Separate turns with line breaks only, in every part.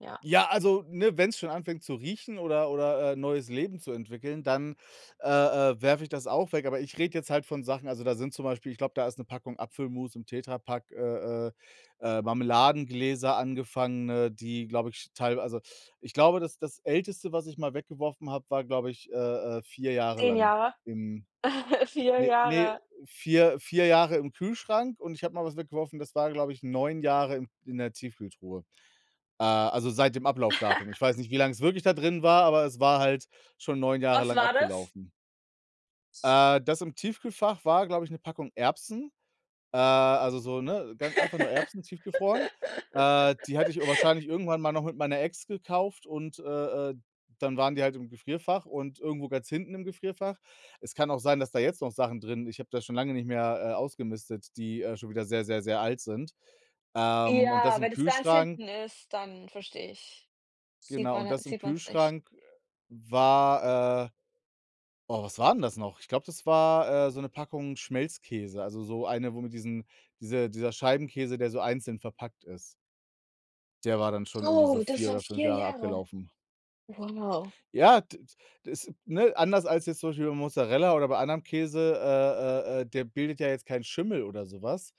Ja.
Ja, also, ne, wenn's schon anfängt zu riechen oder oder, äh, neues Leben zu entwickeln, dann, äh, äh, werfe ich das auch weg. Aber ich rede jetzt halt von Sachen also da sind zum Beispiel ich glaube, da ist 'ne Packung Apfelmus im Tetrapack, äh, äh, äh, Marmeladengläser angefangene, die, glaube ich, teil also, ich glaube, das das Älteste, was ich mal weggeworfen habe, war, glaube ich, äh, äh, 4 Jahre
10
lang
Jahre.
im
4
ne, ne,
Jahre.
4- 4 Jahre im Kühlschrank und ich habe mal was weggeworfen, das war, glaube ich, 9 Jahre in in der Tiefkühltruhe, äh, also seit dem Ablaufdatum. Ich weiß nicht, wie lange es wirklich da drin war, aber es war halt schon 9 Jahre
Was
lang
war das?
abgelaufen. Äh, das im Tiefkühlfach war, glaube ich, 'ne Packung Erbsen, äh, also so ne, ganz einfach nur Erbsen tiefgefroren. Äh, die hatte ich wahrscheinlich irgendwann mal noch mit meiner Ex gekauft und, äh, äh, dann waren die halt im Gefrierfach und irgendwo ganz hinten im Gefrierfach. Es kann auch sein, dass da jetzt noch Sachen drin ich habe da schon lange nicht mehr, äh, ausgemistet die, äh, schon wieder sehr, sehr, sehr alt sind. Ähm, und das
Ja,
im
wenn es ganz
Kühlschrank
hinten ist, dann verstehe ich sieht
Genau,
man
und
ha
das im
sieht man's nicht.
Kühlschrank war äh, oh, was war 'n das noch? Ich glaube, das war, äh, so 'ne Packung Schmelzkäse, also so eine, wo mit diesen diese dieser Scheibenkäse, der so einzeln verpackt ist. Der war dann schon irgendwie so
Oh, das
4
war
oder 5
4
Jahre
Jahre.
abgelaufen.
Wow.
Ja, d d das, ne anders als jetzt zum Beispiel bei Mozzarella oder bei anderem Käse äh, äh, äh, der bildet ja jetzt keinen Schimmel oder sowas,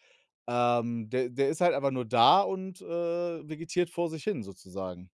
ähm, de der ist halt einfach nur da und, äh, vegetiert vor sich hin sozusagen.